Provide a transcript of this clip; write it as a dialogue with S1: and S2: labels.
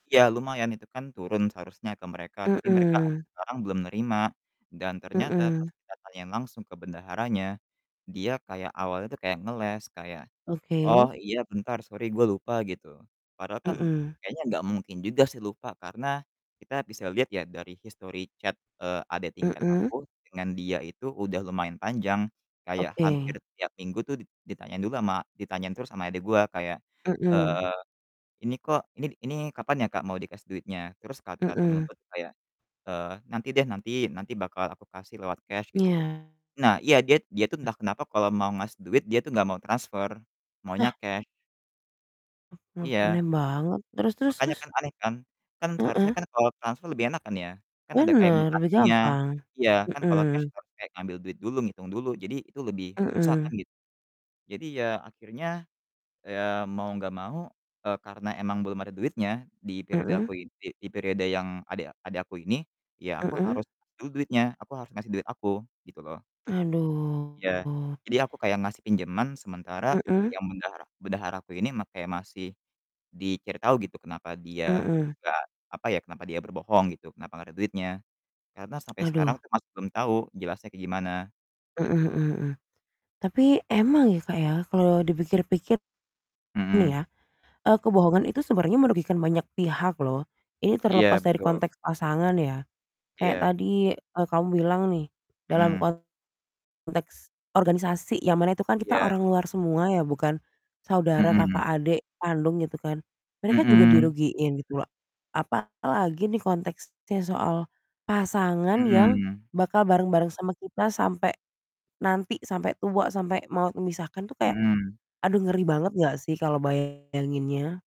S1: Iya lumayan, itu kan turun seharusnya ke mereka, tapi mereka sampai
S2: Mhm.
S1: sekarang belum nerima. Dan ternyata pas
S2: Mhm.
S1: kita tanyain langsung ke bendaharanya, dia kayak awalnya tuh kayak ngeles, kayak, "Oh,
S2: Oke.
S1: iya bentar sorry gua lupa," gitu. Padahal kan
S2: Mhm.
S1: kayaknya nggak mungkin juga sih lupa, karena kita bisa lihat ya dari history chat, eee, adek tingkat
S2: Mhm.
S1: aku dengan dia itu udah lumayan panjang. Kayak
S2: Oke.
S1: hampir tiap minggu tuh dit ditanyain dulu ama ditanyain terus ama adik gua kayak,
S2: Mhm.
S1: eee, "Ini kok ini ini kapan ya, Kak, mau dikasih duitnya?" Terus kata
S2: Mhm.
S1: temanku kayak, eee, "Nanti deh nanti, nanti bakal aku kasih lewat cash," gitu.
S2: Iya.
S1: Nah, iya dia dia tuh
S2: Eh.
S1: entah kenapa kalau mau ngasih duit dia tuh nggak mau transfer, maunya
S2: Nah.
S1: cash.
S2: [unintelligible]
S1: Iya.
S2: Aneh banget. Terus terus
S1: Makanya
S2: terus?
S1: kan aneh kan? Kan seharusnya
S2: Heeh.
S1: kan kalau transfer lebih enak kan ya, kan ada kayak
S2: Bener, lebih
S1: mutasinya.
S2: gampang.
S1: Iya, kan kalau cash
S2: Mhm.
S1: harus kayak ngambil duit dulu, ngitung dulu, jadi itu lebih susah
S2: Mhm.
S1: kan gitu. Jadi ya akhirnya, eee, mau nggak mau, eee, karena emang belum ada duitnya di periode aku
S2: Mhm.
S1: i di periode yang adek adek aku ini, ya aku
S2: Mhm.
S1: harus du duitnya, aku harus ngasih duit aku, gitu loh. Iya,
S2: Aduh.
S1: jadi aku kayak ngasih pinjaman sementara
S2: Mhm.
S1: yang bendahara bendahara aku ini ma kayak masih, dicari tahu gitu kenapa dia
S2: Mhm.
S1: nggak, apa ya, kenapa dia berbohong gitu, kenapa nggak ada duitnya. Karena sampai sekarang
S2: Aduh.
S1: tuh masih belum tahu jelasnya kayak gimana,
S2: Mhm
S1: gitu.
S2: mhm mhm. Tapi emang ya, Kak, ya, kalau dipikir-pikir nih
S1: Mhm.
S2: ya, eee, kebohongan itu sebenarnya merugikan banyak pihak loh. Ini terlepas
S1: Iya,
S2: dari
S1: betul.
S2: konteks pasangan ya. Kayak
S1: Iya.
S2: tadi, eee, kamu bilang nih dalam
S1: Mmm.
S2: konteks organisasi yang mana itu kan kita
S1: Iya.
S2: orang luar semua ya, bukan saudara
S1: Mhm.
S2: kakak adik kandung gitu kan. Mereka juga
S1: Mhm.
S2: dirugiin gitu. Apalagi nih konteksnya soal pasangan yang
S1: Mhm.
S2: bakal bareng-bareng sama kita sampai nanti, sampai tua, sampai maut memisahkan tuh kayak,
S1: Mhm.
S2: aduh ngeri banget enggak sih kalau bayanginnya?